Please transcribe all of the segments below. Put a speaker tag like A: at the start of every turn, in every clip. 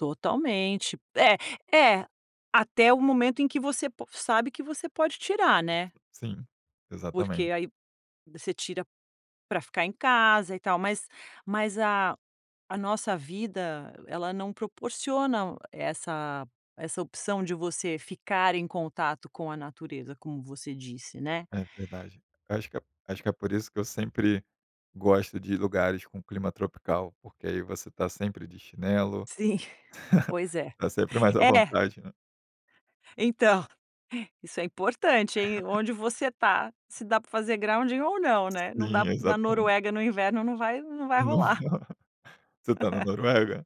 A: Totalmente. É é, até o momento em que você po sabe que você pode tirar, né.
B: Sim, exatamente.
A: Porque aí você tira pra ficar em casa e tal. Mas mas a nossa vida ela não proporciona essa essa opção de você ficar em contato com a natureza, como você disse, né.
B: É verdade. Acho que acho que é por isso que eu sempre gosto de lugares com clima tropical, porque aí você está sempre de chinelo,
A: Sim, pois é.
B: está sempre mais à
A: É.
B: vontade, né.
A: Então, isso é importante hein. Onde você está, se dá para fazer grounding ou não, né. Não dá
B: Sim,
A: na
B: exatamen
A: Noruega no inverno não vai não vai
B: Não v
A: rolar.
B: você está na Noruega?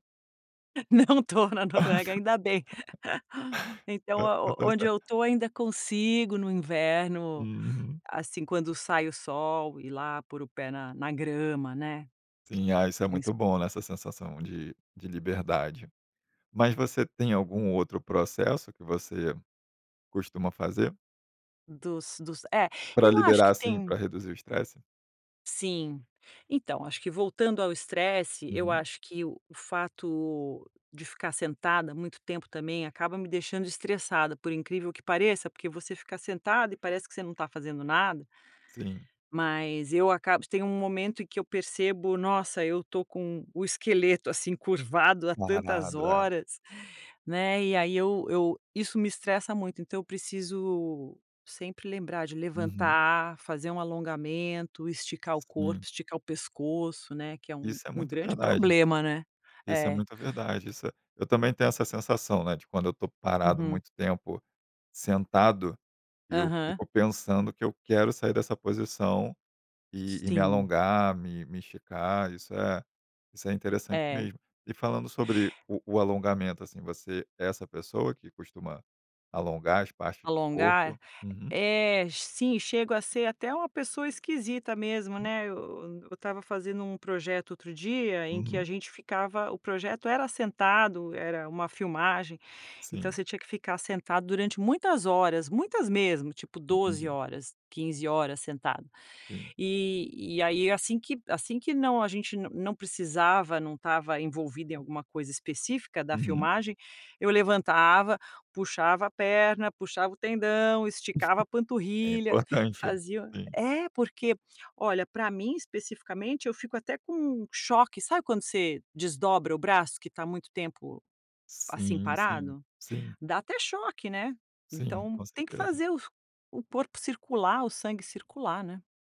A: Não estou na Noruega, ainda bem. Então
B: Tá,
A: o
B: tá
A: onde
B: certo.
A: eu estou ainda consigo no inverno,
B: Uhum.
A: assim, quando sai o sol e lá pôr o pé na grama, né,
B: Sim, isso é
A: princi
B: muito bom, né, essa sensação de de liberdade. Mas você tem algum outro processo que você costuma fazer
A: Dos dos, é,
B: para
A: eu acho
B: liberar
A: que
B: assim, para
A: tem
B: reduzir o estresse?
A: sim. Então, que voltando ao estresse, eu
B: Uhum.
A: acho que o fato de ficar sentada muito tempo também acaba me deixando estressada, por incrível que pareça, porque você fica sentada e parece que você não tá fazendo nada.
B: Sim.
A: Mas eu acabo, tem um momento em que eu percebo: "Nossa, eu estou com o esqueleto assim curvado há tantas
B: Parado, é.
A: horas.", né. E aí, eu eu isso me estressa muito, então eu preciso sempre lembrar de
B: Uhum.
A: levantar, fazer um alongamento, esticar o corpo,
B: Sim.
A: esticar o pescoço, né. Que é um
B: Isso é muito
A: grande
B: verdade.
A: problema, né.
B: Isso é
A: É.
B: muito verdade. Isso é Também tenho essa sensação, né, de quando eu estou parado
A: Uhum.
B: muito tempo sentado, eu
A: Aham.
B: fico pensando que eu quero sair dessa posição e e me
A: Sim.
B: alongar, me me esticar, isso é isso é interessante
A: É.
B: mesmo. E falando sobre o o alongamento assim, você é essa pessoa que costuma alongar as partes do corpo?
A: Alongar, é?
B: Uhum.
A: É, sim, chego a ser até uma pessoa esquisita mesmo,
B: Hum.
A: né. Eu estava fazendo um projeto outro dia em que a
B: Uhum.
A: gente ficava, o projeto era sentado, era uma filmagem, então
B: Sim.
A: você tinha que ficar sentado durante muitas horas, muitas mesmo, tipo 12
B: Entendi.
A: horas, 15 horas sentado.
B: Entendi.
A: E e aí assim assim que não, a gente não precisava, não estava envolvido em alguma coisa específica da
B: Uhum.
A: filmagem, eu levantava, puxava a perna, puxava o tendão, esticava a
B: É
A: panturrilha,
B: importante.
A: fazia
B: Sim.
A: É, porque olha, para mim especificamente, eu fico até com choque, sabe quando você desdobra o braço que está muito tempo, assim,
B: Sim, sim,
A: parado?
B: sim.
A: Dá até choque, né.
B: Sim,
A: Então
B: com
A: tem que
B: certeza.
A: fazer o corpo circular, o sangue circular, né.